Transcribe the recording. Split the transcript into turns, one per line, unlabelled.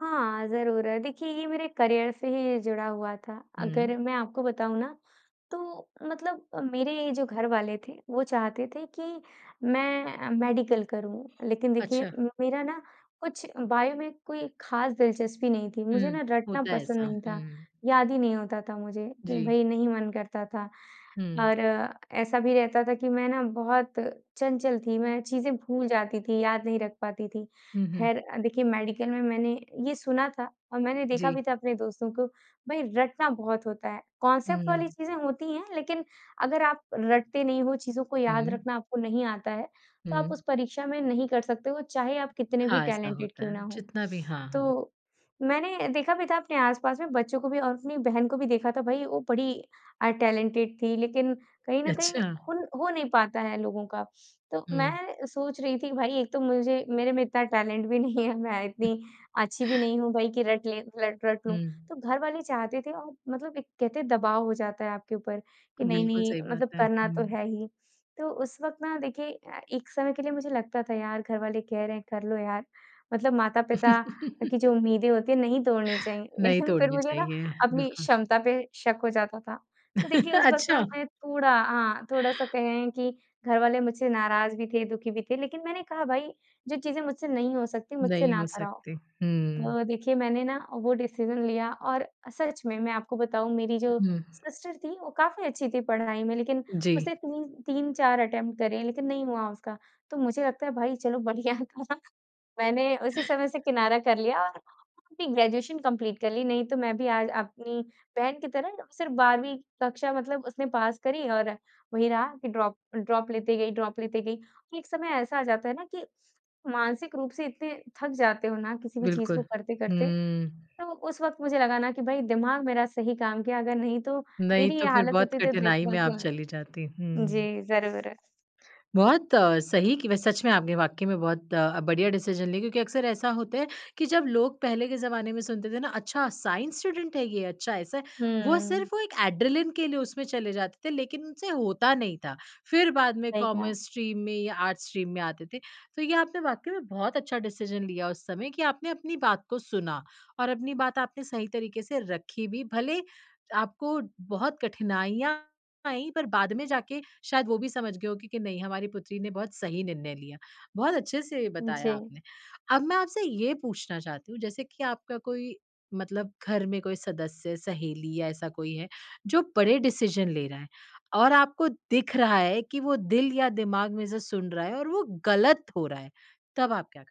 हाँ, ज़रूर देखिए, ये मेरे करियर से ही जुड़ा हुआ था
हुँ।
अगर मैं आपको बताऊँ ना, तो मतलब मेरे जो घरवाले थे वो चाहते थे कि मैं मेडिकल करूँ, लेकिन देखिए
अच्छा।
म मेरा ना कुछ बायो में कोई खास दिलचस्पी नहीं थी, मुझे
हुँ,
ना रटना
होता है
पसंद
ऐसा।
नहीं
हुँ,
था,
हुँ।
याद ही नहीं होता था मुझे। कि
जी।
भई नहीं मन करता था
हुँ।
और ऐसा भी रहता था कि मैं ना बहुत चंचल थी, मैं चीज़ें भूल जाती थी, याद नहीं रख पाती थी।
हुँ, हुँ।
खैर, देखिए मेडिकल में मैंने ये सुना था और मैंने देखा भी
जी।
था अपने दोस्तों को भाई रटना बहुत होता है। कांसेप्ट वाली
हुँ।
चीज़ें होती हैं, लेकिन अगर आप रटते नहीं हो, चीज़ों को याद
हुँ।
रखना आपको नहीं आता है, तो आप
हुँ।
उस परीक्षा में नहीं कर सकते हो, चाहे आप कितने भी
हाँ, ऐसा
टैलेंटेड
होता
क्यों
है।
ना हो।
जितना भी हाँ, हाँ।
तो मैंने देखा भी था अपने आस-पास में बच्चों को भी और अपनी बहन को भी देखा था भई वो बड़ी अ, टैलेंटेड थी लेकिन कहीं न
अच्छा।
कहीं हुन हो नहीं पाता है लोगों का। तो मैं
हुँ।
अ, सोच रही थी भई एक तो मुझे मेरे में इतना टैलेंट भी नहीं है, मैं इतनी अच्छी भी नहीं हूँ भाई की रटले रट रट लूँ
हुँ।
तो घरवाले चाहते थे और मतलब एक कहते हैं दबाव हो जाता है आपके ऊपर कि नहीं,
बिल्कुल,
नहीं
सही बात
मतलब
है।
करना तो
हुँ।
है ही। तो उस वक़्त ना देखिए अ, एक समय के लिए मुझे लगता था यार घरवाले कह रहे हैं, कर लो यार, मतलब माता-पिता की जो उम्मीदें होती है नहीं तोड़नी चाहिए
नहीं
लेकिन फिर
तोड़नी
मुझे ना
चाहिए,
अपनी
बिल्कुल।
क्षमता पे शक हो जाता था। तो देखिए उस वक़्त ना
अच्छा।
मैं थोड़ा हाँ, थोड़ा सा कहें कि घरवाले मुझसे नाराज़ भी थे, दुखी भी थे लेकिन मैंने कहा, "भाई जो चीज़ें मुझसे नहीं हो सकती, मुझसे
नहीं
ना
हो
कराओ।"
सकती। हुँ।
तो देखिए मैंने ना वो डिसीज़न लिया और सच में मैं आपको बताऊँ मेरी जो
हुँ।
सिस्टर थी वो काफ़ी अच्छी थी पढ़ाई में लेकिन
जी।
उसने तीन तीन 4 अटेम्प्ट करे लेकिन नहीं हुआ उसका। तो मुझे लगता है भाई चलो बढ़िया था। मैंने उसी समय से किनारा कर लिया। और अपनी ग्रेजुएशन कंप्लीट कर ली नहीं, तो मैं भी आज अपनी बहन की तरह सिर्फ 12वीं कक्षा मतलब उसने पास करी और वही रहा कि ड्रॉप, ड्रॉप लेते गई ड्रॉप लेते गई। एक समय ऐसा आ जाता है ना कि मानसिक रूप से इतने थक जाते हो ना किसी भी चीज़
बिल्कुल।
को करते-करते, तो
हुँ।
उस वक़्त मुझे लगा ना कि भई दिमाग मेरा सही काम किया, अगर नहीं तो
नहीं
मेरी ये
तो फिर
हालत
बहुत
होती तो दे
कठिनाई में आप
बिल्कुल।
चली जाती। हुँ।
जी, ज़रूर।
बहुत अ, सही कि वे सच में, आपने वाकई में बहुत अ, बढ़िया डिसीज़न ली, क्योंकि अक्सर ऐसा होता है कि जब लोग पहले के ज़माने में सुनते थे ना, अच्छा साइंस स्टूडेंट है ये, अच्छा ऐसा है। वो
हुँ।
सिर्फ वो एक एड्रेलिन के लिए उसमें चले जाते थे लेकिन उनसे होता नहीं था, फिर बाद में
सही कहा।
कॉमर्स स्ट्रीम में या आर्ट्स स्ट्रीम में आते थे। तो ये आपने वाकई में बहुत अच्छा डिसीज़न लिया उस समय कि आपने अपनी बात को सुना और अपनी बात आपने सही तरीके से रखी भी, भले आपको बहुत कठिनाइयाँ आई पर बाद में जाके शायद वो भी समझ गए होंगे कि नहीं हमारी पुत्री ने बहुत सही निर्णय लिया। बहुत अच्छे से
उम,
बताया
जी।
आपने। अब मैं आपसे ये पूछना चाहती हूँ, जैसे कि आपका कोई मतलब घर में कोई सदस्य, सहेली या ऐसा कोई है जो बड़े डिसीज़न ले रहा है और आपको दिख रहा है कि वो दिल या दिमाग में जो सुन रहा है और वो गलत हो रहा है, तब आप करते है?